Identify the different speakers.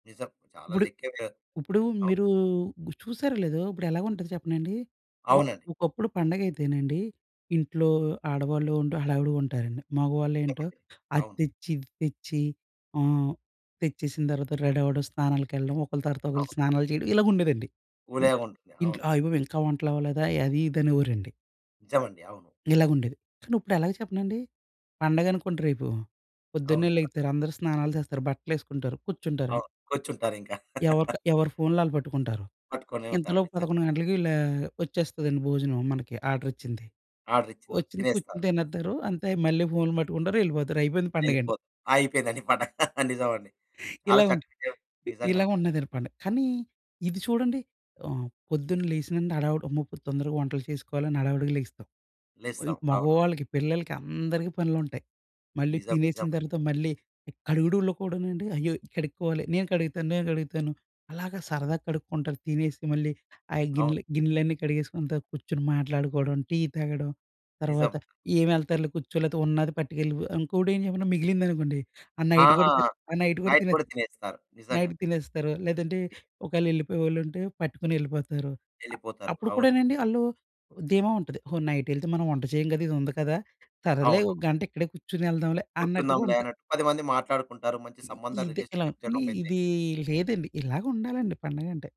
Speaker 1: నిజం చాలా
Speaker 2: ఇప్పుడు,
Speaker 1: లెక్కేగా.
Speaker 2: ఇప్పుడు
Speaker 1: అవును.
Speaker 2: మీరు గు చూశారో లేదో ఇప్పుడెలాగుంటది చెప్పనాండి? ఒ
Speaker 1: అవునండి.
Speaker 2: ఒకప్పుడు పండగయితేనండి ఇంట్లో ఆడవాళ్ళుండు హడావిడిగా ఉంటారండి. మగవాళ్ళేం‌టో
Speaker 1: చెప్పండి.
Speaker 2: అది
Speaker 1: అవును.
Speaker 2: తెచ్చి ఇది తెచ్చి ఆహ్, తెచ్చేసిన తర్వాత రెడవ్వడం, స్నానాలకెళ్ళడం, ఒకలి తర్వాత ఒకలు
Speaker 1: అవును.
Speaker 2: స్నానాలు చేయడం, ఇలగుండేదండి.
Speaker 1: వులేగుంటుంది. అవును.
Speaker 2: ఇంట్లో అయ్యబాబోయ్! ఇంకా వంటలవ్వలేదా అది ఇదనేవోరండి.
Speaker 1: నిజమండి. అవును.
Speaker 2: ఇలాగుండేది. కానిప్పుడెలాగా చెప్పనండి! పండగనుకోండి రేపు,
Speaker 1: అవును.
Speaker 2: పొద్దున్నే
Speaker 1: స
Speaker 2: లెగిత్తారు. అందరూ స్నానాలు చేస్తారు. బట్టలేసుకుంటారు, కుర్చుంటారండి.
Speaker 1: అవును. కూర్చుంటారింకా.
Speaker 2: ఎవరిక ఎవరి ఫోన్‌లు వాళ్ళు పట్టుకుంటారు.
Speaker 1: పట్టుకునే ఉంటారు.
Speaker 2: ఇంతలోపు
Speaker 1: నిజ
Speaker 2: 11 గంటలకి ఇలా వచ్చేస్తదండి భోజనం మనకి ఆర్డర్ వచ్చింది.
Speaker 1: ఆర్డర్ ఇచ్చినదా
Speaker 2: వచ్చింది కుర్చుని
Speaker 1: తినేస్తారు.
Speaker 2: తినేత్తారు. అంతే మళ్ళీ ఫోన్‌లు పట్టుకుంటారు. ఎళ్ళిపోతారు. అయిపోయింది పండగండి.
Speaker 1: వెళ్ళిపోత్ అయిపోయిందండి పండగ. నిజమండి. చాలా
Speaker 2: ఇలా ఉంటు
Speaker 1: చక్కగేం
Speaker 2: ఇ ఇలా
Speaker 1: నిజంగాండి.
Speaker 2: ఉన్నదండి పండగ. కానీ ఇది చూడండి ఆహ్, పొద్దున్న లేసినుండి హడావిడి. అమ్మో! ఇప్పుడు తొందరగా వంటలు చేసుకోవాలని హడావిడిగా లేగుస్తాం. వోయిన్
Speaker 1: లేస్తాం. అవునవును.
Speaker 2: మగవాళ్ళకి, పిల్లలకి, అందరికి పనులుంటయి. మళ్ళీ
Speaker 1: నిజం.
Speaker 2: తినేసిన
Speaker 1: నిజమండి.
Speaker 2: తర్వాత మళ్ళీ కడుగుడూల్లో కూడానండి అయ్యో! కడుక్కోవాలి. నేను కడుగుతాను, నేను కడుగుతాను, అలాగా సరదాగా కడుక్కుంటారు తినేసి మళ్ళీ. ఆయ
Speaker 1: అవును.
Speaker 2: గిన్నెలు గిన్నెలన్నీ కడిగేసుకుంటా కుర్చొని మాట్లాడుకోవడం, టీ తాగడం,
Speaker 1: నిజం.
Speaker 2: తర్వాత ఏం ఎళ్తారులే కుర్చో. లేతే ఉన్నాది పట్టుకెళ్ళిపో. ఇంకోటి ఏంచేప్పన మిగిలిందనుకోండి. ఆ
Speaker 1: ఆ!
Speaker 2: నైట్ కూడా తి ఆ నైట్ కూడా తినో.
Speaker 1: నైట్‌పుట తినేస్తారు. నిజంగా.
Speaker 2: నైట్ తినేస్తారు. లేదంటే ఒకవేళ ఎళ్ళిపోయేవాళ్ళుంటే పట్టుకుని ఎళ్ళిపోతారు. అ
Speaker 1: ఎళ్ళిపోతారు.
Speaker 2: అప్పుడు కూడా
Speaker 1: అవునండి.
Speaker 2: నండి వాళ్ళు ఓ ధీమా ఉంటది. హో! నైట్ ఎళ్తే మనం వంట చేయం కదా! ఇదుంది కదా! సరేలే
Speaker 1: అవును.
Speaker 2: ఒక గంట ఇక్కడే కుర్చొని ఎళ్దాంలే అన్నట్టుగా
Speaker 1: కూర్చుందాంలే
Speaker 2: ఉంటా
Speaker 1: అన్నట్టు 10 మంది మాట్లాడుకుంటారు. మంచి
Speaker 2: ఇ
Speaker 1: సంబంధం
Speaker 2: ఇదే ఇలా.
Speaker 1: రిలేషన్‌షిప్సన్నీ
Speaker 2: కానీ
Speaker 1: చనోపైతే.
Speaker 2: ఇదీ లేదండి. ఇలాగుండాలండి పండగంటే.